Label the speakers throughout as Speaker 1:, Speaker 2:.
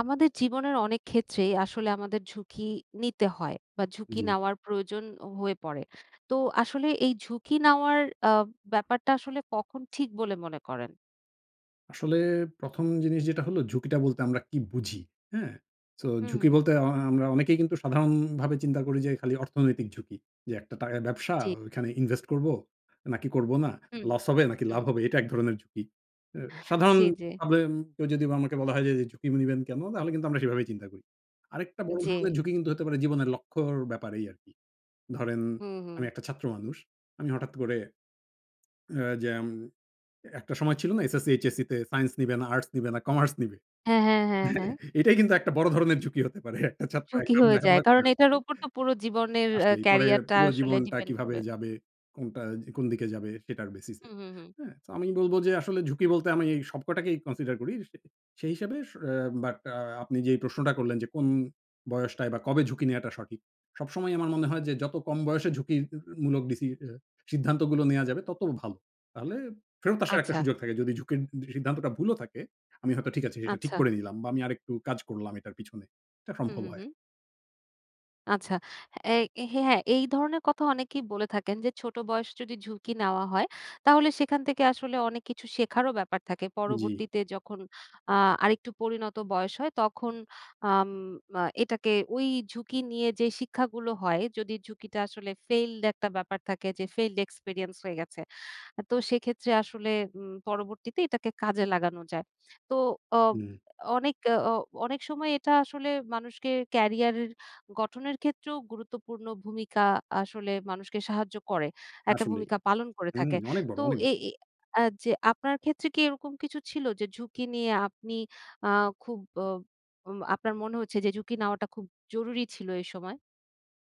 Speaker 1: আমাদের জীবনের অনেক ক্ষেত্রেই আসলে আমাদের ঝুঁকি নিতে হয় বা ঝুঁকি
Speaker 2: জি।
Speaker 1: নেওয়ার প্রয়োজন হয়ে পড়ে। তো আসলে এই ঝুঁকি নেওয়ার আব ব্যাপারটা আসলে কখন ঠিক বলে মনে করেন?
Speaker 2: আসলে ১ম জিনিস যেটা হলো, ঝুঁকিটা বলতে আমরা কি বুঝি? হ্যাঁ? সো
Speaker 1: হু, হু,
Speaker 2: ঝুঁকি
Speaker 1: হু।
Speaker 2: বলতে আ আ আমরা অনেকেই কিন্তু সাধারণভাবে চিন্তা করি যে, খালি অর্থনৈতিক ঝুঁকি। যে একটা টাকার ব্যবসা,
Speaker 1: জি।
Speaker 2: ওইখানে ইনভেস্ট করবো নাকি করবো না,
Speaker 1: হুম।
Speaker 2: লস হবে নাকি
Speaker 1: হুম।
Speaker 2: লাভ হবে। এটা এক ধরনের ঝুঁকি। অ্যা
Speaker 1: জি, জি।
Speaker 2: সাধারণভাবে উম কেউ যদি আমাকে যদি বলা হয় যে ঝুঁকি নিবেন কেনো, তাহলে কিন্তু আমরা সেভাবেই চিন্তা করি। আরেকটা বড় ধরণের
Speaker 1: জি।
Speaker 2: ঝুঁকি কিন্তু হতে পারে জীবনের লক্ষ্যর ব্যাপারেই আরকি। ধরেন
Speaker 1: হুম,
Speaker 2: আমি
Speaker 1: হু।
Speaker 2: একটা ছাত্র মানুষ, আমি হঠাৎ করে এ্যা যেম এ একটা সময় ছিল না SSC, HSC তে Science নিবে না, আর্টস নিবে না, কমার্স নিবে?
Speaker 1: হ্যাঁ, হ্যাঁ, হ্যাঁ, হ্যাঁ।
Speaker 2: হ্যাঁ? এটাই কিন্তু একটা বড় ধরনের ঝুঁকি হতে পারে। একটা ছাত্র
Speaker 1: ঝুঁকি
Speaker 2: একরকম
Speaker 1: হয়ে যায়।
Speaker 2: লেখাপড়া করে
Speaker 1: কারণ এটার
Speaker 2: আসছে।
Speaker 1: উপর তো পুরো জীবনের অ্যা
Speaker 2: আসলেই। পরে
Speaker 1: ক্যারিয়ারটা
Speaker 2: পুরো
Speaker 1: আসলে
Speaker 2: জীবনটা
Speaker 1: ডিপেন্ড
Speaker 2: কিভাবে
Speaker 1: করবে।
Speaker 2: যাবে, কোনটা এ কোন দিকে যাবে সেটার basis এ।
Speaker 1: হু, হু, হু।
Speaker 2: হ্যাঁ? সো আমি বলবো যে আসলে ঝুঁকি বলতে আমি এই সবকটাকেই consider করি। সে সেই হিসেবে স অ্যা বাট আ আপনি যেই প্রশ্নটা করলেন যে কোন বয়সটায় বা কবে ঝুঁকি নেওয়াটা সঠিক? সবসময়ই আমার মনে হয় যে যত কম বয়সে ঝুঁকি [unintelligible] মূলক ডিসি আ সিদ্ধান্তগুলো নেওয়া যাবে তত ভালো। তাহলে ফেরত আসার একটা
Speaker 1: আচ্ছা।
Speaker 2: সুযোগ থাকে। যদি ঝুঁকির সি সিদ্ধান্তটা ভুলও থাকে, আমি হয়তো ঠিক আছে এটা ঠিক
Speaker 1: আচ্ছা।
Speaker 2: করে নিলাম বা আমি আরেকটু কাজ করলাম এটার পিছনে। এটা
Speaker 1: হু,
Speaker 2: সম্ভব
Speaker 1: হু,
Speaker 2: হয়।
Speaker 1: হু। আচ্ছা। এই হ্যাঁ, হ্যাঁ, এই ধরনের কথা অনেকেই বলে থাকেন যে, ছোট বয়স যদি ঝুঁকি নেওয়া হয়, তাহলে সেখান থেকে আসলে অনেক কিছু শেখারও ব্যাপার থাকে।
Speaker 2: জি।
Speaker 1: পরবর্তীতে যখন আ আরেকটু পরিণত বয়স হয়, তখন আম এ এটাকে ওই ঝুঁকি নিয়ে যে শিক্ষাগুলো হয়, যদি ঝুঁকিটা আসলে ফেইল্ড একটা ব্যাপার থাকে যে, ফেইল্ড এক্সপেরিয়েন্স হয়ে গেছে। আ তো, সেক্ষেত্রে আসলে উম পরবর্তীতে এটাকে কাজে লাগানো যায়। তো, অ
Speaker 2: হুম।
Speaker 1: অনেক, অ অনেক সময় এটা আসলে মানুষকে ক্যারিয়ার গঠনের ক্ষেত্রেও গুরুত্বপূর্ণ ভূমিকা আসলে মানুষকে সাহায্য করে, একটা
Speaker 2: আসলেই।
Speaker 1: ভূমিকা পালন করে
Speaker 2: হুম,
Speaker 1: থাকে।
Speaker 2: অনেক বড়,
Speaker 1: তো,
Speaker 2: অনেক
Speaker 1: এ
Speaker 2: বড়।
Speaker 1: এই আ যে আপনার ক্ষেত্রে কি এরকম কিছু ছিল যে, ঝুঁকি নিয়ে আপনি আ খুব অ অব আপনার মনে হচ্ছে যে ঝুঁকি নেওয়াটা খুব জরুরি ছিল এই সময়?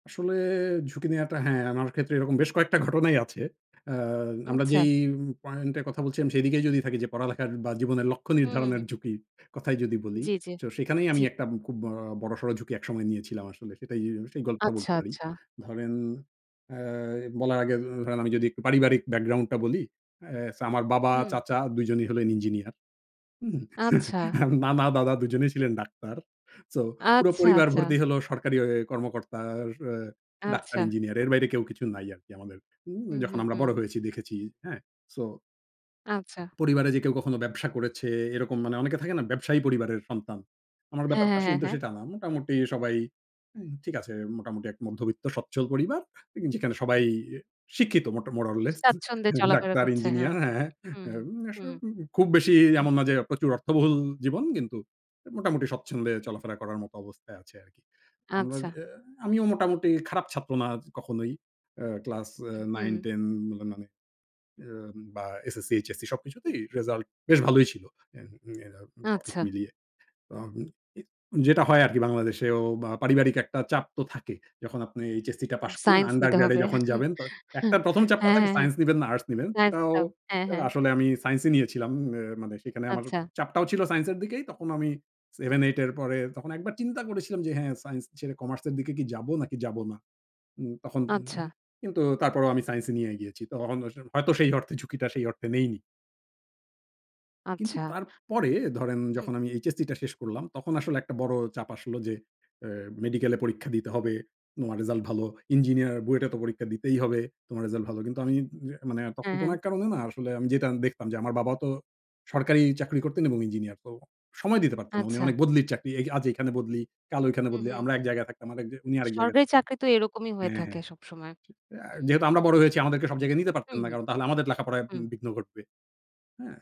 Speaker 2: আসলে, ঝুঁকি নেওয়াটা হ্যাঁ, আমার ক্ষেত্রে এরকম বেশ কয়েকটা ঘটনাই আছে। আ আমরা
Speaker 1: আচ্ছা।
Speaker 2: যেই পয়েন্ট এ কথা বলছিলাম সেইদিকেই যদি থাকি যে, পড়ালেখার বা জীবনের লক্ষ্য
Speaker 1: হু, হু,
Speaker 2: নির্ধারণের
Speaker 1: হু।
Speaker 2: ঝুঁকির কথাই যদি বলি,
Speaker 1: জি, জি,
Speaker 2: শো সেখানেই
Speaker 1: জি।
Speaker 2: আমি একটা আব খুব বড়, বড়সড় ঝুঁকি এক সময় নিয়েছিলাম আসলে। সেটাই, উ সেই গল্পটা বলতে
Speaker 1: আচ্ছা,
Speaker 2: পারি।
Speaker 1: আচ্ছা।
Speaker 2: ধরেন, আ বলার আগে এ এক ধরেন আমি যদি একটু পারিবারিক ব্যাকগ্রাউন্ড টা বলি, এ সো আমার বাবা,
Speaker 1: হুম।
Speaker 2: চাচা ২ জনই হলেন ইঞ্জিনিয়ার। হুম,
Speaker 1: আচ্ছা।
Speaker 2: নানা, দাদা ২ জনেই ছিলেন ডাক্তার। সো, পুরো
Speaker 1: আচ্ছা,
Speaker 2: পরিবার ভর্তি
Speaker 1: আচ্ছা।
Speaker 2: হলো সরকারি অ কর্মকর্তা, অ অ ডাক্তার,
Speaker 1: আচ্ছা।
Speaker 2: ইঞ্জিনিয়ার, এর বাইরে কেউ কিছু নাই আরকি আমাদের হুম,
Speaker 1: হুম,
Speaker 2: যখন
Speaker 1: হুম,
Speaker 2: আমরা
Speaker 1: হুম।
Speaker 2: বড় হয়েছি দেখেছি। হ্যাঁ, সো
Speaker 1: আচ্ছা।
Speaker 2: পরিবারে যে কেউ কখনো ব্যবসা করেছে এরকম মানে অনেকে থাকে না ব্যবসায়ী পরিবারের সন্তান। আমার
Speaker 1: হ্যাঁ,
Speaker 2: ব্যাপারটা
Speaker 1: হ্যাঁ,
Speaker 2: স
Speaker 1: হ্যাঁ,
Speaker 2: কিন্তু
Speaker 1: হ্যাঁ।
Speaker 2: সেটা না। মোটামুটি সবাই অ্যা ঠিক আছে, মোটামুটি এক মধ্যবিত্ত স্বচ্ছল পরিবার, এ যেখানে সবাই এ শিক্ষিত মোট more or less
Speaker 1: স্বাচ্ছন্দ্যে চলাফেরা
Speaker 2: ডাক্তার,
Speaker 1: করছে।
Speaker 2: ইঞ্জিনিয়া
Speaker 1: হ্যাঁ।
Speaker 2: হ্যাঁ, হ্যাঁ,
Speaker 1: হু,
Speaker 2: এ
Speaker 1: হু,
Speaker 2: উম
Speaker 1: হু,
Speaker 2: আসলে উব খুব বেশি এ
Speaker 1: হু।
Speaker 2: এমন না যে প্রচুর অর্থবহুল জীবন। কিন্তু এ মোটামুটি স্বচ্ছন্দে চলাফেরা করার মত অবস্থায় আছে আরকি। আমরা
Speaker 1: আচ্ছা।
Speaker 2: যে আমিও মোটামুটি খারাপ ছাত্র না কখনোই অ্যা ক্লাস এ
Speaker 1: হু,
Speaker 2: nine,
Speaker 1: হু।
Speaker 2: ten ম মানে এ বা SSC, HSC সবকিছুতেই রেজাল্ট বেশ ভালোই ছিল। ইয়া আ সবকিছু
Speaker 1: আচ্ছা।
Speaker 2: মিলিয়ে। অ উম এ যেটা হয় আরকি বাংলাদেশেও বা পারিবারিক একটা চাপ তো থাকে। যখন আপনি HSC টা পাস করলেন,
Speaker 1: science নিতে
Speaker 2: Undergrad এ
Speaker 1: হবে।
Speaker 2: যখন যাবেন, বাট একটা ১ম চাপটা
Speaker 1: হ্যাঁ,
Speaker 2: থাকে
Speaker 1: হ্যাঁ, হ্যাঁ।
Speaker 2: সাইন্স নিবেন না আর্টস নিবেন। এটাও
Speaker 1: একদম। হ্যাঁ,
Speaker 2: আ
Speaker 1: হ্যাঁ।
Speaker 2: আসলে আমি সায়েন্সই নিয়েছিলাম। এ্যা মানে সেখানে আমার
Speaker 1: আচ্ছা।
Speaker 2: চাপটাও ছিল সাইন্স এর দিকেই। তখন আমি 7, 8 এর পরে তখন একবার চিন্তা করেছিলাম যে, হ্যাঁ, সাইন্স ছেড়ে কমার্স এর দিকে কি যাব নাকি যাব না? উম তখন
Speaker 1: আচ্ছা।
Speaker 2: [unintelligible] কিন্তু তারপরেও আমি সাইন্সই নিয়ে এগিয়েছি। তখন আস হয়তো সেই অর্থে ঝুঁকিটা সেই অর্থে নেইনি। কিন্তু
Speaker 1: আচ্ছা।
Speaker 2: তারপরে ধরেন,
Speaker 1: আচ্ছা। হুম।
Speaker 2: যখন আমি এইচএসসিটা শেষ করলাম, তখন আসলে একটা বড় চাপ আসলো যে, অ্যা "মেডিকেলে পরীক্ষা দিতে হবে। তোমার রেজাল্ট ভালো। ইঞ্জিনিয়ার বুয়েটে তো পরীক্ষা দিতেই হবে। তোমার রেজাল্ট ভালো।" কিন্তু আমি উম এ মানে তখন
Speaker 1: হ্যাঁ,
Speaker 2: কোন
Speaker 1: হ্যাঁ।
Speaker 2: এক কারণে না আসলে আমি যেটা আন দেখতাম যে আমার বাবা তো সরকারি চাকরি করতেন এবং ইঞ্জিনিয়ার। তো সময় দিতে পারতেন না। উনি
Speaker 1: আচ্ছা।
Speaker 2: অনেক বদলির চাকরি। এ আজ এখানে বদলি, কাল ঐখানে
Speaker 1: হুম,
Speaker 2: বদলি।
Speaker 1: হুম।
Speaker 2: আমরা এক জায়গায় থাকতাম আরেক যে উনি আরেক জায়গায়
Speaker 1: সরকারি
Speaker 2: থাকতেন
Speaker 1: চাকরি তো এরকমই হয়ে
Speaker 2: হ্যাঁ,
Speaker 1: থাকে
Speaker 2: হ্যাঁ।
Speaker 1: সবসময়। হুম।
Speaker 2: সে আ যেহেতু আমরা বড় হয়েছি, আমাদেরকে সব জায়গায় নিতে পারতেন
Speaker 1: হুম,
Speaker 2: না।
Speaker 1: হুম,
Speaker 2: কারণ তাহলে আমাদের লেখাপড়ায়
Speaker 1: হুম।
Speaker 2: উম বিঘ্ন ঘটবে। হ্যাঁ?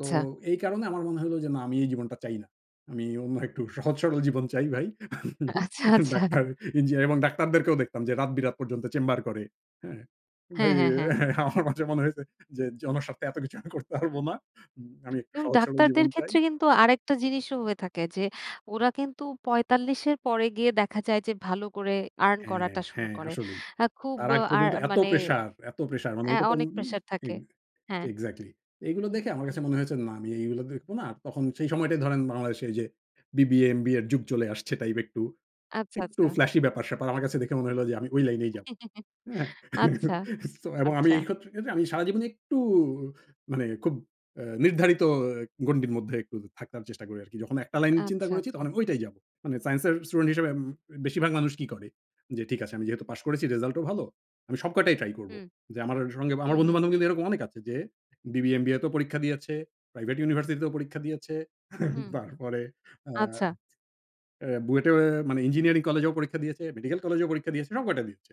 Speaker 2: তো এই কারণে আমার মনে হলো যে না আমি এই জীবনটা চাই না। আমি অন্য একটু সহজ সরল জীবন চাই ভাই।
Speaker 1: আ আচ্ছা, আচ্ছা।
Speaker 2: ডাক্তার, ইঞ্জিনিয়ার এবং ডাক্তারদেরকেও দেখতাম যে রাত-বিরাত পর্যন্ত চেম্বার করে। হ্যাঁ? ভাই
Speaker 1: হ্যাঁ,
Speaker 2: এ
Speaker 1: হ্যাঁ, হ্যাঁ।
Speaker 2: আমার মাঝে মনে হয়েছে যে জনস্বার্থে এতো কিছু আমি করতে পারব না। উম আমি একটু
Speaker 1: এবং
Speaker 2: সহজ সরল
Speaker 1: ডাক্তারদের
Speaker 2: জীবন চাই।
Speaker 1: ক্ষেত্রে কিন্তু আরেকটা জিনিসও হয়ে থাকে যে ওরা কিন্তু ৪৫ এর পরে গিয়ে দেখা যায় যে ভালো করে earn
Speaker 2: হ্যাঁ,
Speaker 1: করাটা শুরু
Speaker 2: হ্যাঁ,
Speaker 1: করে।
Speaker 2: আসলেই।
Speaker 1: আ খুব
Speaker 2: তার আগ
Speaker 1: আর
Speaker 2: পর্যন্ত এতো
Speaker 1: মানে
Speaker 2: প্রেশার এতো প্রেশার মানে
Speaker 1: অ্যা
Speaker 2: এটা তো উম
Speaker 1: অনেক
Speaker 2: আম
Speaker 1: প্রেশার থাকে।
Speaker 2: এক
Speaker 1: হ্যাঁ।
Speaker 2: এক্সাক্টলি। এগুলো
Speaker 1: হুম,
Speaker 2: দেখে আমার
Speaker 1: হুম।
Speaker 2: কাছে মনে হয়েছে, না আমি এইগুলো দেখব না। তখন সেই সময়টাই ধরেন বাংলাদেশে এইযে বিবিএ, এমবিএর যুগ চলে আসছে টাইপ একটু।
Speaker 1: আচ্ছা,
Speaker 2: একটু
Speaker 1: আচ্ছা।
Speaker 2: flashy ব্যাপার-স্যাপার। আমার কাছে দেখে মনে হলো যে আমি ঐ লাইনেই যাবো। হ্যাঁ?
Speaker 1: আচ্ছা।
Speaker 2: সো এবং আমি
Speaker 1: আচ্ছা।
Speaker 2: এই ক্ষত্রে ক্ষেত্রে আমি সারাজীবনে একটু মানে খুব অ্যা নির্ধারিত এ গন্ডির মধ্যে একটু থাকার চেষ্টা করি আরকি। যখন একটা লাইন চিন্তা
Speaker 1: আচ্ছা,
Speaker 2: করেছি,
Speaker 1: আচ্ছা।
Speaker 2: তখন আমি ঐটাই যাবো। মানে সাইন্সের স্টুডেন্ট হিসেবে উম বেশিরভাগ মানুষ কি করে? যে ঠিক আছে, "আমি যেহেতু পাশ করেছি, রেজাল্ট ও ভালো। আমি সব কয়টাই ট্রাই করবো।"
Speaker 1: হুম,
Speaker 2: যে আমার অ সঙ্গে
Speaker 1: হুম,
Speaker 2: আমার
Speaker 1: হুম,
Speaker 2: বন্ধু-বান্ধব
Speaker 1: হুম।
Speaker 2: কিন্তু এরকম অনেক আছে যে বিবিএ, এমবিএতেও পরীক্ষা দিয়েছে। প্রাইভেট ইউনিভার্সিটিতেও পরীক্ষা দিয়েছে।
Speaker 1: হুম।
Speaker 2: তারপরে আ
Speaker 1: আচ্ছা।
Speaker 2: অ্যা বুয়েটে এও মানে ইঞ্জিনিয়ারিং কলেজেও পরীক্ষা দিয়েছে, মেডিকেল কলেজেও পরীক্ষা দিয়েছে। সব কয়টা দিচ্ছে।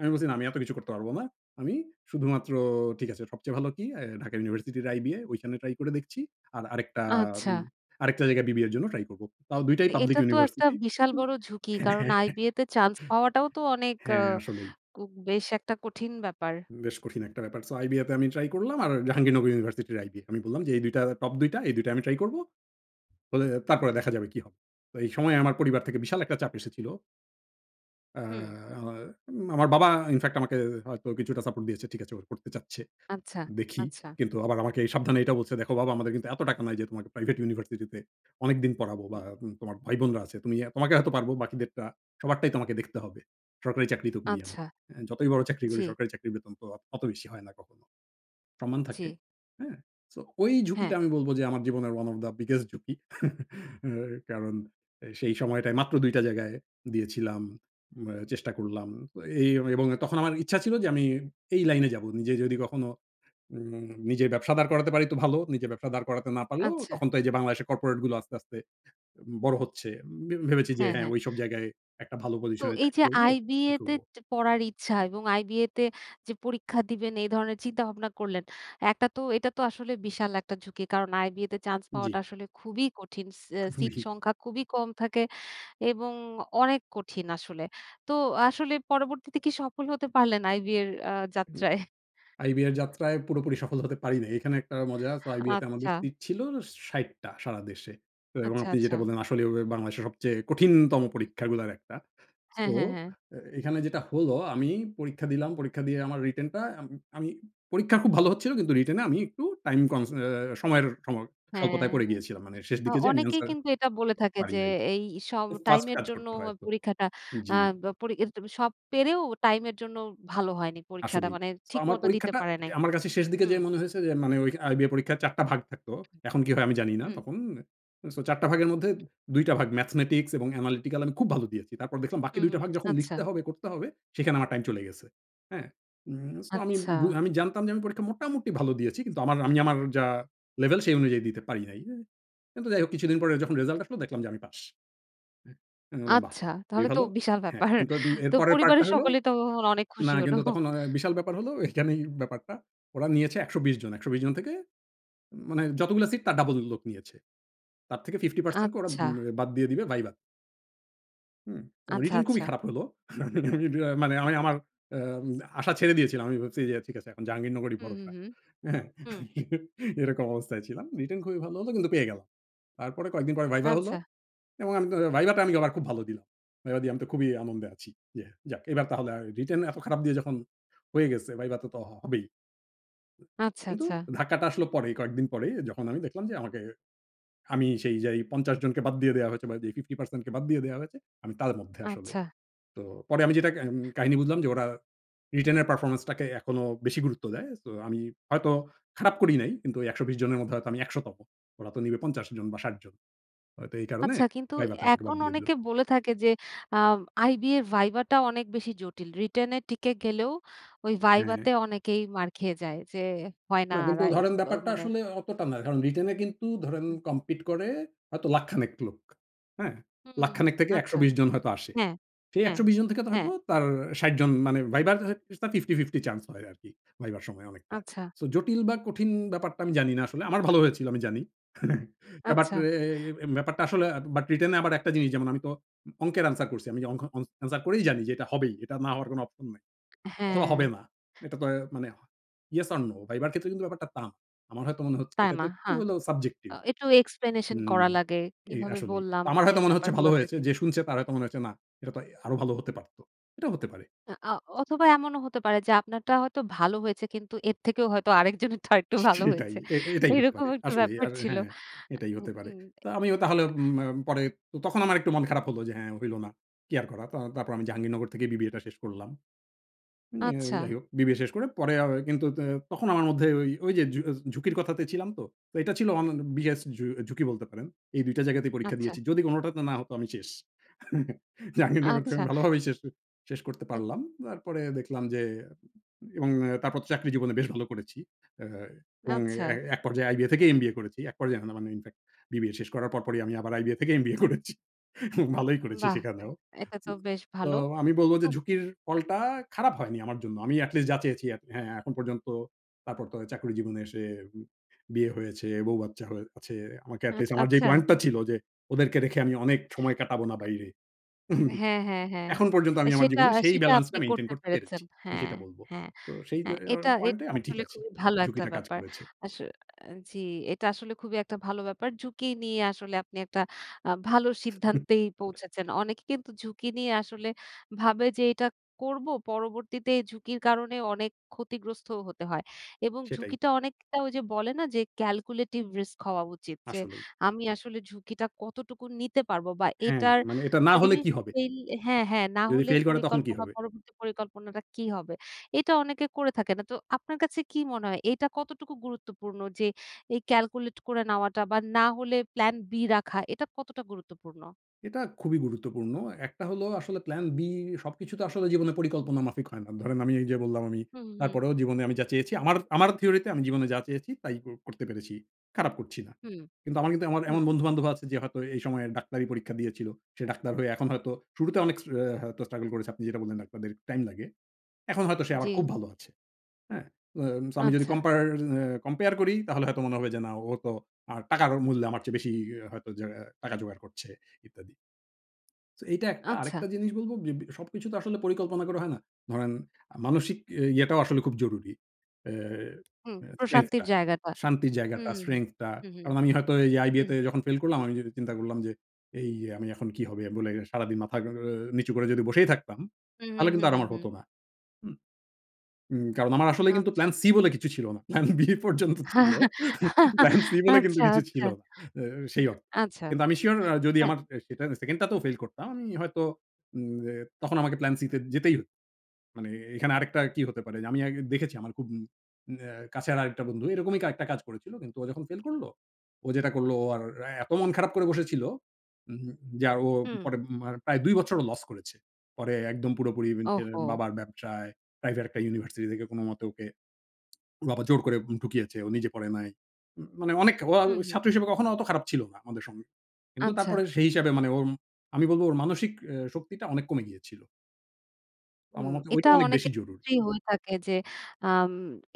Speaker 2: আমি বলছি, "না আমি এতো কিছু করতে পারব না। আমি শুধুমাত্র ঠিক আছে। সবচেয়ে ভালো কি অ্যা ঢাকা ইউনিভার্সিটির আইবিএ। ঐখানে ট্রাই করে দেখছি। আর আরেকটা
Speaker 1: আচ্ছা।
Speaker 2: উম আরেকটা জায়গায় বিবিএর জন্য ট্রাই করবো। তাও দুইটাই
Speaker 1: তো
Speaker 2: পাবলিক
Speaker 1: এটা তো একটা
Speaker 2: ইউনিভার্সিটি।"
Speaker 1: বিশাল
Speaker 2: উ
Speaker 1: বড় ঝুঁকি। কারণ
Speaker 2: হ্যাঁ।
Speaker 1: আইবিএতে চান্স পাওয়াটাও তো অনেক আ
Speaker 2: হ্যাঁ, আসলেই।
Speaker 1: কু বেশ একটা কঠিন ব্যাপার।
Speaker 2: বেশ কঠিন একটা ব্যাপার। সো আইবিএতে আমি ট্রাই করলাম। আর জাহাঙ্গীরনগর ইউনিভার্সিটির আইবিএ। আমি বললাম যে, "এই ২ টা টপ ২ টা। এই ২ টা আমি ট্রাই করবো। হলে
Speaker 1: হুম।
Speaker 2: তারপরে দেখা যাবে কী হবে?" তো এই সময়ে আমার পরিবার থেকে বিশাল একটা চাপ এসেছিল। অ্যা
Speaker 1: হুম।
Speaker 2: আ আমার বাবা ইন ফেক্ট আমাকে হয়তো কিছুটা সাপোর্ট দিয়েছে, "ঠিক আছে, ও পড়তে চাচ্ছে,
Speaker 1: আচ্ছা,
Speaker 2: দেখি।"
Speaker 1: আচ্ছা।
Speaker 2: কিন্তু আবার আমাকে এই সাবধানে এইটা বলছে, "দেখো বাবা আমাদের কিন্তু এতো টাকা নাই যে তোমাকে প্রাইভেট ইউনিভার্সিটি তে অনেকদিন পড়াবো বা
Speaker 1: উম
Speaker 2: উ তোমার ভাইবোনরা আছে। তুমি এ্যা তোমাকে হয়তো পারবো, বাকিদেরটা সবারটাই তোমাকে দেখতে হবে। সরকারি চাকরি তো করি আমি।
Speaker 1: আচ্ছা।
Speaker 2: এ্যা যতই বড় চাকরি করি,
Speaker 1: জি।
Speaker 2: সরকারি চাকরির বেতন তো আ অত বেশি হয় না কখনো। সম্মান
Speaker 1: জি।
Speaker 2: থাকে।" হ্যাঁ। সো ঐ
Speaker 1: হ্যাঁ।
Speaker 2: ঝুঁকিটা আমি বলবো যে আমার জীবনের ওয়ান অফ দা বিগেস্ট ঝুঁকি। কারণ, এই সেই সময়টায় মাত্র ২ টা জায়গায় দিয়েছিলাম। আ চেষ্টা করলাম। তো এই এ এবং তখন আমার ইচ্ছা ছিল যে আমি এই লাইনে যাবো। নিজে যদি কখনো নি নিজের ব্যবসা দাঁড় করাতে পারি তো ভালো। নিজে ব্যবসা দাঁড় করাতে না পারলেও,
Speaker 1: আচ্ছা।
Speaker 2: তখন তো এইযে বাংলাদেশের কর্পোরেট গুলা আস্তে, আস্তে বড় হচ্ছে। ভে ভেবেছি যে,
Speaker 1: হ্যাঁ
Speaker 2: হ্যাঁ,
Speaker 1: ,হ্যাঁ।
Speaker 2: ঐসব জায়গায় একটা ভালো
Speaker 1: তো
Speaker 2: পজিশনে
Speaker 1: এই
Speaker 2: চাকরি
Speaker 1: যে
Speaker 2: করবো, ই
Speaker 1: আইবিএ তে
Speaker 2: করবো।
Speaker 1: যে পড়ার ইচ্ছা এবং আইবিএ তে যে পরীক্ষা দিবেন, এই ধরনের চিন্তাভাবনা করলেন। একটা তো এটা তো আসলে বিশাল একটা ঝুঁকি। কারণ আইবিএ তে চান্স পাওয়াটা
Speaker 2: জি।
Speaker 1: আসলে খুবই কঠিন। সি অ্যা সিট
Speaker 2: খুবই।
Speaker 1: সংখ্যা খুবই কম থাকে এবং অনেক কঠিন আসলে। তো আসলে পরবর্তীতে কি সফল হতে পারলেন আইবিএর অ্যা
Speaker 2: হুম।
Speaker 1: যাত্রায়?
Speaker 2: আইবিএর যাত্রায় পুরোপুরি সফল হতে পারি নাই। এইখানে একটা মজা। সো আইবিএ তে আমাদের
Speaker 1: আচ্ছা।
Speaker 2: সিট ছিল ৬০ টা সারা দেশে। এবং
Speaker 1: আচ্ছা,
Speaker 2: আপনি
Speaker 1: আচ্ছা।
Speaker 2: যেটা বললেন আসলে ও হবে বাংলাদেশের সবচেয়ে কঠিনতম
Speaker 1: হুম।
Speaker 2: পরীক্ষাগুলার একটা। সো
Speaker 1: হ্যাঁ, হ্যাঁ, হ্যাঁ।
Speaker 2: এ এখানে যেটা হলো আমি পরীক্ষা দিলাম। পরীক্ষা দিয়ে আমার রিটেন টা আম আমি পরীক্ষা খুব ভালো হচ্ছিলো কিন্তু রিটেনে আমি একটু টাইম কমস অ্যা সময়ের সম
Speaker 1: হ্যাঁ,
Speaker 2: স্বল্পতায় পড়ে গিয়েছিলাম। মানে শেষ
Speaker 1: আ
Speaker 2: দিকে যেয়ে আমি
Speaker 1: অনেকেই
Speaker 2: এন্সার
Speaker 1: কিন্তু এটা বলে থাকে
Speaker 2: পারি
Speaker 1: যে,
Speaker 2: নাই।
Speaker 1: এই সব
Speaker 2: খুব ফাস্ট
Speaker 1: টাইমের
Speaker 2: কাজ
Speaker 1: জন্য
Speaker 2: করতে
Speaker 1: হ
Speaker 2: হয় তো।
Speaker 1: পরীক্ষাটা অ্যা
Speaker 2: জি।
Speaker 1: ব পরি এতটুকু সব পেরেও, টাইম এর জন্য ভালো হয়নি পরীক্ষাটা।
Speaker 2: আসলেই।
Speaker 1: মানে
Speaker 2: তো আমার
Speaker 1: ঠিকমতো দিতে
Speaker 2: পরীক্ষাটা
Speaker 1: পারে
Speaker 2: যে
Speaker 1: নাই।
Speaker 2: আমার কাছে শেষ দিকে
Speaker 1: হুম।
Speaker 2: যেয়ে মনে হয়েছে যে মানে ঐ আইবিএ পরীক্ষার ৪ টা ভাগ থাকতো। এখন কি হয় আমি জানি না
Speaker 1: হুম।
Speaker 2: তখন। সো ৪ টা ভাগের মধ্যে ২ টা ভাগ ম্যাথমেটিক্স এবং অ্যানালিটিকাল আমি খুব ভালো দিয়েছি। তারপর দেখলাম বাকি
Speaker 1: হুম,
Speaker 2: ২ টা
Speaker 1: হুম।
Speaker 2: ভাগ যখন
Speaker 1: আচ্ছা।
Speaker 2: লিখতে হবে, করতে হবে, সেখানে আমার টাইম চলে গেছে। হ্যাঁ। উম সো আমি
Speaker 1: আচ্ছা।
Speaker 2: বু আমি জানতাম যে আমি পরীক্ষা মোটামুটি ভালো দিয়েছি। কিন্তু আমার আমি আমার যা লেভেল, সেই অনুযায়ী দিতে পারি নাই। উ কিন্তু যাই হোক কিছুদিন পরে যখন রেজাল্ট আসলো, দেখলাম যে আমি পাস। অ্যা আমি বললাম, "বাহ!
Speaker 1: আচ্ছা।
Speaker 2: খুবই
Speaker 1: তাহলে তো
Speaker 2: ভালো।"
Speaker 1: বিশাল
Speaker 2: হ্যাঁ।
Speaker 1: ব্যাপার।
Speaker 2: কিন্তু উম এর
Speaker 1: তো
Speaker 2: পরের পার্টটা
Speaker 1: পরিবারের
Speaker 2: হলো
Speaker 1: সকলেই তো তখন অনেক
Speaker 2: না,
Speaker 1: খুশি হল।
Speaker 2: কিন্তু তখন অ অ্যা বিশাল ব্যাপার হলো এইখানেই ব্যাপারটা। ওরা নিয়েছে ১২০ জন। ১২০ জন থেকে মানে যতগুলা সিট তার ডাবল লোক নিয়েছে। তার থেকে 50% কে ওরা
Speaker 1: আচ্ছা।
Speaker 2: উম বাদ দিয়ে দিবে ভাইবা হু তো
Speaker 1: আচ্ছা,
Speaker 2: রিটেন খুবই
Speaker 1: আচ্ছা।
Speaker 2: খারাপ হলো। উব আ মানে আমি আমার অ্যা আম আশা ছেড়ে দিয়েছিলাম। আমি ভাবছি যে ঠিক আছে, এখন জাহাঙ্গীরনগরই
Speaker 1: হুম, হুম,
Speaker 2: ভরসা।
Speaker 1: হুম,
Speaker 2: হ্যাঁ?
Speaker 1: হুম।
Speaker 2: এরকম অবস্থায় ছিলাম। রিটেন খুবই ভালো হলো কিন্তু পেয়ে গেল। তারপরে কয়েকদিন পরে ভাইভা হলো।
Speaker 1: আচ্ছা।
Speaker 2: এবং আমি তা ভাইভা টা আমি আবার খুব ভালো দিলাম। ভাইভা দিয়ে আমি তো খুবই আনন্দে আছি। ইয়ে যাক এবার তাহলে রিটেন এত খারাপ দিয়ে যখন হয়ে গেছে। ভাইভা তে তো হবেই।
Speaker 1: আচ্ছা,
Speaker 2: কিন্তু
Speaker 1: আচ্ছা।
Speaker 2: ধাক্কাটা আসলো পরেই। কয়েকদিন পরেই যখন আমি দেখলাম যে, আমাকে আমি সেই যাই ৫০ জনকে বাদ দিয়ে দেয়া হয়েছে। বা যে 50% কে বাদ দিয়ে দেয়া হয়েছে। আমি তার মধ্যে আসলে।
Speaker 1: আচ্ছা।
Speaker 2: তো পরে আমি যেটা আ এম কাহিনী বুঝলাম যে ওরা রিটেনের পারফরম্যান্স টাকে এখনো বেশি গুরুত্ব দেয়। সো আমি হয়তো খারাপ করি নাই। কিন্তু ওই ১২০ জনের মধ্যে হয়তো আমি একশো ১০০ তম। ওরা তো নিবে ৫০ জন বা ষাট ৬০ জন। হয়তো এই কারণে
Speaker 1: আচ্ছা। কিন্তু
Speaker 2: ভাইভাতে
Speaker 1: এ
Speaker 2: আমাকে বাদ
Speaker 1: এখন
Speaker 2: দিয়ে দিলো।
Speaker 1: অনেকে বলে থাকে যে, আ আইবিএ ভাইভা টা অনেক বেশি জটিল। রিটেন এ টিকে গেলেও ওই ভাইভা তে
Speaker 2: হ্যাঁ।
Speaker 1: অনেকেই মার খেয়ে যায়। যে, হয় না
Speaker 2: না। কিন্তু
Speaker 1: রা এ
Speaker 2: ধরেন
Speaker 1: অব
Speaker 2: ব্যাপারটা
Speaker 1: মানে
Speaker 2: আসলে অতটা না। কারণ রিটেন এ কিন্তু ধরেন
Speaker 1: হুম।
Speaker 2: কমপিট করে হয়তো লাখ খানেক লোক। হ্যাঁ?
Speaker 1: হুম,
Speaker 2: লাখ
Speaker 1: হুম।
Speaker 2: খানেক থেকে একশো
Speaker 1: আচ্ছা।
Speaker 2: বিশ জন হয়তো আসে।
Speaker 1: হ্যাঁ,
Speaker 2: সেই
Speaker 1: হ্যাঁ,
Speaker 2: ১২০ জন থেকে তো
Speaker 1: হ্যাঁ।
Speaker 2: হয়তো তার ৬০ জন মানে ভাইভার [unintelligible] 50-50 চান্স হয় আরকি। ভাইভার সময় অনেকটা।
Speaker 1: আচ্ছা।
Speaker 2: সো জটিল বা কঠিন ব্যাপারটা আমি জানি না আসলে। আমার ভালো হয়েছিল আমি জানি। ব্যাপারটা
Speaker 1: আচ্ছা।
Speaker 2: এ এ ব্যাপারটা আসলে আব বাট রিটেন এ আবার একটা জিনিস যেমন আমি তো অ অংকের অ্যানসার করছি। আমি যে অং অংকের অ্যানসার করেই জানি যে এটা হবেই। এটা না হওয়ার কোনো অপশন নাই। অথবা হবে
Speaker 1: হ্যাঁ।
Speaker 2: না। এটা তো মানে Yes or no। ভাইভার ক্ষেত্রে কিন্তু ব্যাপারটা তা আমার হয়তো মনে হচ্ছে
Speaker 1: তাই
Speaker 2: এটা
Speaker 1: না?
Speaker 2: তো একটু
Speaker 1: হ্যাঁ।
Speaker 2: হলেও
Speaker 1: আ
Speaker 2: subjective
Speaker 1: একটু এক্সপ্লেনেশন
Speaker 2: হুম।
Speaker 1: করা লাগে।
Speaker 2: এই
Speaker 1: কিভাবে
Speaker 2: আসলেই।
Speaker 1: বললাম?
Speaker 2: আমার
Speaker 1: এই
Speaker 2: হয়তো মনে হচ্ছে ভালো
Speaker 1: ব্যাপারগুলো
Speaker 2: হয়েছে।
Speaker 1: থাকে।
Speaker 2: যে শুনছে তার হয়তো মনে হচ্ছে না। এটা তো এ আরো ভালো হতে পারত। এটাও হতে পারে।
Speaker 1: হ্যাঁ। আ অ অথবা এমনও হতে পারে যে, আপনারটা হয়তো ভালো হয়েছে। কিন্তু এর থেকেও হয়তো আরেক জনেরটা আরেকটু
Speaker 2: স
Speaker 1: ভালো
Speaker 2: সেটাই।
Speaker 1: হয়েছে।
Speaker 2: এ এটাই হতে
Speaker 1: এরকম
Speaker 2: পারে।
Speaker 1: একটু
Speaker 2: আসলেই।
Speaker 1: ব্যাপার
Speaker 2: আর
Speaker 1: ছিল আ
Speaker 2: হ্যাঁ, এটাই
Speaker 1: উ
Speaker 2: হতে পারে।
Speaker 1: উম
Speaker 2: তো আমিও তাহলে
Speaker 1: আ
Speaker 2: ঊম আ পরে তখন আমার একটু মন খারাপ হলো যে হ্যাঁ হইল না। কি আর করা। তো তারপর আমি জাহাঙ্গীরনগর থেকে বিবিএ টা শেষ করলাম। এ
Speaker 1: আচ্ছা।
Speaker 2: যাই হোক, বিবিএ শেষ করে পরে আবার কিন্তু ত তখন আমার মধ্যে ওই, ওই যে ঝুক ঝুঁকির কথাতে ছিলাম তো। তো এটা ছিল অন বিগেস্ট ঝ ঝুঁকি বলতে পারেন। এই ২ টা জায়গাতেই পরীক্ষা
Speaker 1: আচ্ছা।
Speaker 2: দিয়েছি। যদি কোনটাতে না হতো আমি শেষ।
Speaker 1: আ
Speaker 2: জাঙ্গীরনগর থেকে
Speaker 1: আচ্ছা।
Speaker 2: আমি ভালোভাবেই শেষ আ শেষ করতে
Speaker 1: আ
Speaker 2: পারলাম। তারপরে দেখলাম যে উ এবং তারপর তো চাকরি জীবনে বেশ ভালো করেছি। অ্যা এবং
Speaker 1: আচ্ছা।
Speaker 2: এ এক পর্যায়ে আইবিএ থেকেই এমবিএ করেছি। এক পর্যায়ে মানে না ইন-ফ্যাক্ট বিবিএ শেষ করার পরপরই আমি আবার আইবিএ থেকে এমবিএ করেছি। ভালোই করেছি
Speaker 1: বাহ! আ
Speaker 2: সেখানেও।
Speaker 1: এটা তো বেশ
Speaker 2: তো
Speaker 1: ভালো।
Speaker 2: আমি বলবো যে
Speaker 1: তোব
Speaker 2: ঝুঁকির ফলটা খারাপ হয়নি আমার জন্য। আমি এটলিস্ট যা চেয়েছি হ্যাঁ এখন পর্যন্ত, তারপর তো চাকরি জীবনে এসে উম বিয়ে হয়েছে, বৌ বাচ্চা হয়ে আছে। আমাকে
Speaker 1: হ্যাঁ।
Speaker 2: এটলিস্ট আমার যে
Speaker 1: আচ্ছা।
Speaker 2: পয়েন্টটা ছিল যে, ওদেরকে রেখে আমি অনেক সময় কাটাবো না বাইরে। উহু
Speaker 1: হ্যাঁ, হ্যাঁ, হ্যাঁ।
Speaker 2: এখন পর্যন্ত আমি আমার
Speaker 1: সেটা,
Speaker 2: জীবনে সেই
Speaker 1: সেটা
Speaker 2: balance
Speaker 1: আপনি
Speaker 2: টা মেইনটেইন
Speaker 1: করতে
Speaker 2: করতে
Speaker 1: পেরেছেন।
Speaker 2: পেরেছি। আমি
Speaker 1: হ্যাঁ,
Speaker 2: সেটা বলব।
Speaker 1: হ্যাঁ,
Speaker 2: তো সেই যে
Speaker 1: হ্যাঁ।
Speaker 2: এ
Speaker 1: এটা,
Speaker 2: পয়েন্ট এ
Speaker 1: এটা
Speaker 2: আমি ঠিক
Speaker 1: আসলে
Speaker 2: আছি।
Speaker 1: খুবই ভালো একটা
Speaker 2: ঝুঁকিটা কাজ
Speaker 1: ব্যাপার।
Speaker 2: করেছে।
Speaker 1: আস আ জি, এটা আসলে খুবই একটা ভালো ব্যাপার। ঝুঁকি নিয়ে আসলে আপনি একটা আ ভালো সিদ্ধান্তেই পৌঁছেছেন। অনেকে কিন্তু ঝুঁকি নিয়ে আসলে ভাবে যে, এটা করবো পরবর্তীতে এ ঝুঁকির কারণে অনেক ক্ষতিগ্রস্তও হতে হয়। এবং
Speaker 2: সেটাই।
Speaker 1: ঝুঁকিটা অনেকটা ওই যে বলে না যে, ক্যালকুলেটিভ রিস্ক হওয়া উচিত যে
Speaker 2: আসলেই।
Speaker 1: আমি আসলে ঝুঁকিটা কতটুকু নিতে পারবো। বা
Speaker 2: হ্যাঁ,
Speaker 1: এটার
Speaker 2: মানে এটা না
Speaker 1: যদি
Speaker 2: হলে
Speaker 1: আমি
Speaker 2: কী হবে?
Speaker 1: ফেইল হ্যাঁ, হ্যাঁ না
Speaker 2: যদি
Speaker 1: হলে
Speaker 2: ফেল করে তখন কী
Speaker 1: পরিকল্পনা
Speaker 2: হবে?
Speaker 1: পরবর্তী পরিকল্পনাটা কি হবে? এটা অনেকে করে থাকে না। তো আপনার কাছে কি মনে হয়? এইটা কতটুকু গুরুত্বপূর্ণ যে, এই ক্যালকুলেট করে নেওয়াটা। বা না হলে প্লান বি রাখা এটা কতটা গুরুত্বপূর্ণ?
Speaker 2: এটা খুবই গুরুত্বপূর্ণ। একটা হলো আসলে plan B সবকিছু তো
Speaker 1: হুম।
Speaker 2: আসলে জীবনে পরিকল্পনা মাফিক হয় না। ধরেন আমি এইযে বললাম আমি
Speaker 1: হু, হু, হুম।
Speaker 2: তারপরেও জীবনে আমি যা চেয়েছি, আমার আমার থিওরিতে আমি জীবনে যা চেয়েছি তাই ক করতে পেরেছি। খারাপ করছি না।
Speaker 1: হুম।
Speaker 2: কিন্তু আমার কিন্তু আমার
Speaker 1: হুম।
Speaker 2: এমন বন্ধু-বান্ধবও আছে যে হয়তো এই সময়ে ডাক্তারি পরীক্ষা দিয়েছিল। সে ডাক্তার হয়ে এখন হয়তো শুরুতে অনেক স্টা অ্যা হ্যাঁ, হয়তো স্ট্রাগল করেছে। আপনি যেটা বললেন, "ডাক্তারদের টাইম লাগে।" এখন হয়তো সে আবার খুব
Speaker 1: জি।
Speaker 2: ভালো আছে। হ্যাঁ, অ্যাস আমি যদি
Speaker 1: আচ্ছা।
Speaker 2: কম্পেয়ার অ্যা compare করি, তাহলে হয়তো মনে হবে যে, না, ও তো আ টাকার মূল্যে আমার চেয়ে বেশি ই হয়তো যে টাকা জোগাড় করছে, ইত্যাদি। সো এইটা একটা।
Speaker 1: আচ্ছা।
Speaker 2: আরেকটা জিনিস বলবো যে, বি সবকিছু তো আসলে পরিকল্পনা করে হয় না। ধরেন আ মানসিক ই ইয়ে ইয়েটাও আসলে খুব জরুরি। অ্যা
Speaker 1: হুম,
Speaker 2: অ্যা strength
Speaker 1: প্রশান্তির
Speaker 2: টা।
Speaker 1: জায়গাটা।
Speaker 2: শান্তির জায়গাটা
Speaker 1: হুম,
Speaker 2: strength টা।
Speaker 1: হুম, হুম, হুম,
Speaker 2: কারণ আমি হয়তো এই আইবিএ
Speaker 1: হুম।
Speaker 2: তে যখন ফেল করলাম, আমি যদি চিন্তা করলাম যে, "এই আমি এখন কি হবে?" বলে সারাদিন মাথা অ্যা নিচু করে যদি বসেই থাকতাম,
Speaker 1: হুম, হুম,
Speaker 2: তাহলে কিন্তু
Speaker 1: হুম,
Speaker 2: আর
Speaker 1: হুম,
Speaker 2: আমার
Speaker 1: হুম।
Speaker 2: হতো না। হুম? উম কারণ, আমার আসলেই কিন্তু plan
Speaker 1: আচ্ছা।
Speaker 2: C বলে কিছু ছিল না। Plan B পর্যন্ত ছিল। Plan C বলে কিন্তু
Speaker 1: আচ্ছা,
Speaker 2: কিছু ছিল
Speaker 1: আচ্ছা।
Speaker 2: না। আ সেই অর্থে.
Speaker 1: আচ্ছা।
Speaker 2: কিন্তু আমি সিউর আ যদি
Speaker 1: হ্যাঁ।
Speaker 2: আমার অ্যা সেটার আ 2nd টাতেও ফেইল করতাম, আমি হয়তো উম অ্যা তখন আমাকে plan C তে যেতেই মানে এ এখানে আরেকটা কি হতে পারে? যে আমি আগে দেখেছি আমার খুব অ্যা কাছে আর আরেকটা বন্ধু এরকমই আরেকটা কাজ করেছিল। কিন্তু ও যখন ফেল করলো, ও যেটা করলো ও আর এ এতো মন খারাপ করে বসেছিল, উম যে আর ও
Speaker 1: হুম।
Speaker 2: পরে মা প্রায় ২ বছর ও লস করেছে। পরে একদম পুরোপুরি উম এইযে
Speaker 1: ওহহো!
Speaker 2: বাবার ব্যবসায় প্রাইভেট একটা ইউনিভার্সিটি থেকে কোনোমতে ওকে ওর বাবা জোর করে ঢুকিয়েছে। ও নিজে পড়ে নাই। ম মানে অনেক অল
Speaker 1: হুম, হুম।
Speaker 2: ছাত্র হিসাবে কখনো অত খারাপ ছিল না আমাদের সঙ্গ কিন্তু
Speaker 1: আচ্ছা।
Speaker 2: তারপরে সেই হিসাবে মানে ওর উম আমি বলবো ওর মানসিক অ্যা শক্তিটা অনেক কমে গিয়েছিল। আমার
Speaker 1: হুম।
Speaker 2: মতে ঐটা
Speaker 1: এটা
Speaker 2: অনেক বেশি
Speaker 1: অনেকের
Speaker 2: জরুরি।
Speaker 1: ক্ষেত্রেই হয়ে থাকে যে আম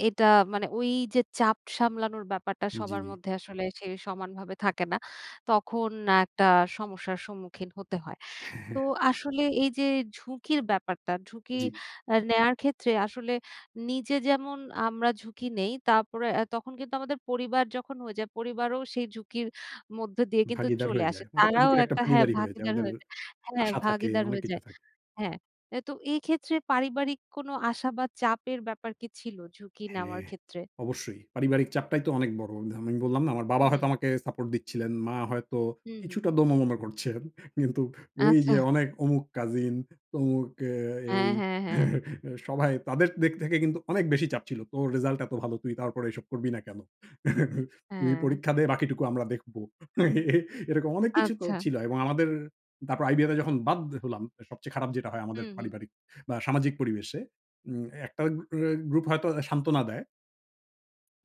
Speaker 1: এটা মানে ওইযে চাপ সামলানোর ব্যাপারটা সবার
Speaker 2: জি।
Speaker 1: মধ্যে আসলে সে সমানভাবে থাকে না। তখন একটা সমস্যার সম্মুখীন হতে হয়। তো আসলে এইযে ঝুঁকির ব্যাপারটা, ঝুঁকি
Speaker 2: জি।
Speaker 1: আ নেয়ার ক্ষেত্রে আসলে নিজে যেমন আমরা ঝুঁকি নেই, তারপরে আ তখন কিন্তু আমাদের পরিবার যখন হয়ে যায়, পরিবারও সেই ঝুঁকির মধ্য দিয়ে কিন্তু
Speaker 2: ভাগীদার
Speaker 1: চলে
Speaker 2: হয়ে
Speaker 1: আসে।
Speaker 2: যায়। ওরা তো
Speaker 1: তারাও
Speaker 2: ঝুঁকির একটা
Speaker 1: একটা হ্যাঁ,
Speaker 2: ভাগীদারই হয়ে যায়।
Speaker 1: ভাগীদার
Speaker 2: ওদের
Speaker 1: হয়ে যায়, হ্যাঁ,
Speaker 2: আশা থাকে,
Speaker 1: ভাগীদার
Speaker 2: অনেক
Speaker 1: হয়ে
Speaker 2: কিছু
Speaker 1: যায়।
Speaker 2: থাকে।
Speaker 1: হ্যাঁ। আ তো এইক্ষেত্রে পারিবারিক কোনো আশা বা চাপের ব্যাপার কি ছিল ঝুঁকি নেওয়ার
Speaker 2: হ্যাঁ,
Speaker 1: ক্ষেত্রে?
Speaker 2: অবশ্যই। পারিবারিক চাপটাই তো অনেক বড়। ধা আমি বললাম না? আমার
Speaker 1: হু,
Speaker 2: বাবা হয়তো
Speaker 1: হুম।
Speaker 2: আমাকে সাপোর্ট দিচ্ছিলেন। মা হয়তো
Speaker 1: হুম, হুম।
Speaker 2: কিছুটা দোনোমোনো করছেন। কিন্তু
Speaker 1: আচ্ছা।
Speaker 2: ওইযে অনেক অমুক কাজিন তমুক এ
Speaker 1: হ্যাঁ,
Speaker 2: এই,
Speaker 1: হ্যাঁ, হ্যাঁ।
Speaker 2: সবাই তাদের দিক থেকে কিন্তু অনেক বেশি চাপ ছিল। "তোর রেজাল্ট এত ভালো, তুই তারপরে এসব করবি না কেন? তুই
Speaker 1: হ্যাঁ।
Speaker 2: পরীক্ষা দে। বাকিটুকু আমরা দেখব।" এ এরকম অনেক কিছু তো
Speaker 1: আচ্ছা।
Speaker 2: ছিল। এবং আমাদের তারপর আইবিএতে যখন বাদ হলাম, সবচেয়ে খারাপ যেটা হয় আমাদের
Speaker 1: হুম, হুম।
Speaker 2: পারিবারিক বা, সামাজিক পরিবেশে উম ১ টা এ গ্রুপ হয়তো সান্ত্বনা দেয়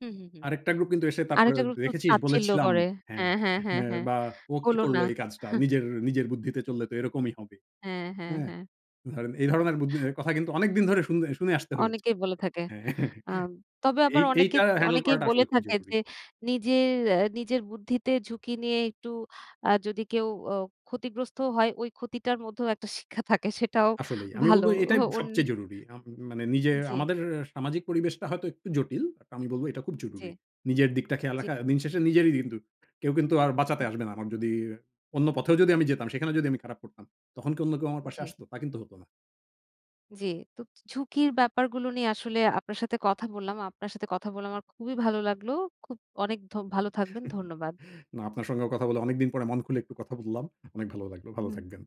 Speaker 1: হুম, হুম, হুম।
Speaker 2: আরেকটা গ্রুপ কিন্তু এসে তারপরে,
Speaker 1: আরেকটা গ্রুপ তো
Speaker 2: "দেখেছিস?
Speaker 1: তাচ্ছিল্য
Speaker 2: বলেছিলাম"
Speaker 1: করে।
Speaker 2: হ্যাঁ।
Speaker 1: হ্যাঁ, হ্যাঁ, হ্যাঁ,
Speaker 2: এ
Speaker 1: হ্যাঁ।
Speaker 2: বা "ও কি
Speaker 1: হলো না।
Speaker 2: করলো
Speaker 1: হা।
Speaker 2: এই কাজটা? নিজের নিজের বুদ্ধিতে চললে তো এরকমই হবে।"
Speaker 1: হ্যাঁ, হ্যাঁ,
Speaker 2: হ্যাঁ?
Speaker 1: হ্যাঁ।
Speaker 2: ধরেন, এই
Speaker 1: হুম।
Speaker 2: ধরনের বুধ এ কথা কিন্তু অনেকদিন ধরে শুনে শুনে আসতে হয়েছে।
Speaker 1: অনেকেই বলে থাকে।
Speaker 2: হ্যাঁ।
Speaker 1: আম তবে
Speaker 2: এই
Speaker 1: আবার
Speaker 2: এইটা
Speaker 1: অনেকেত
Speaker 2: হ্যান্ডেল
Speaker 1: অনেকেই
Speaker 2: করাটা
Speaker 1: বলে
Speaker 2: আসলে খুব
Speaker 1: থাকে
Speaker 2: জরুরী।
Speaker 1: যে, "নিজের এ নিজের বুদ্ধিতে ঝুঁকি নিয়ে একটু আ যদি কেউ অ ক্ষতিগ্রস্ত হয়, ওই ক্ষতিটার মধ্যেও একটা শিক্ষা থাকে।" সেটাও
Speaker 2: আসলেই। আমি
Speaker 1: ভালো।
Speaker 2: বলবো
Speaker 1: ও
Speaker 2: এটাই
Speaker 1: অন
Speaker 2: সবচেয়ে জরুরি। আম মানে নিজের
Speaker 1: জি।
Speaker 2: আমাদের সামাজিক পরিবেশটা হয়তো একটু জটিল। বাট আমি বলবো এটা খুব জরুরি।
Speaker 1: জি।
Speaker 2: নিজের দিকটা খেয়াল
Speaker 1: জি।
Speaker 2: রাখা। দিনশেষে নিজেরই কিন্তু কেউ কিন্তু আর বাঁচাতে
Speaker 1: হু।
Speaker 2: আসবে না। আমার যদি অন্য পথেও যদি আমি যেতাম, সেখানে যদি আমি খারাপ করতাম, তখন কি অন্য কেউ আমার পাশে
Speaker 1: জি।
Speaker 2: আসতো? তা কিন্তু হতো না।
Speaker 1: জি। তো ঝু ঝুঁকির ব্যাপারগুলো নিয়ে আসলে আপনার সাথে কথা বললাম। আপনার সাথে কথা বলে আমার খুবই ভালো লাগলো। খুব অনেক ধ ভালো থাকবেন। ধন্যবাদ।
Speaker 2: না আপনার সঙ্গেও কথা বলে অনেকদিন পরে মন খুলে একটু কথা বললাম। অনেক ভালো লাগলো। ভালো
Speaker 1: হুম।
Speaker 2: থাকবেন।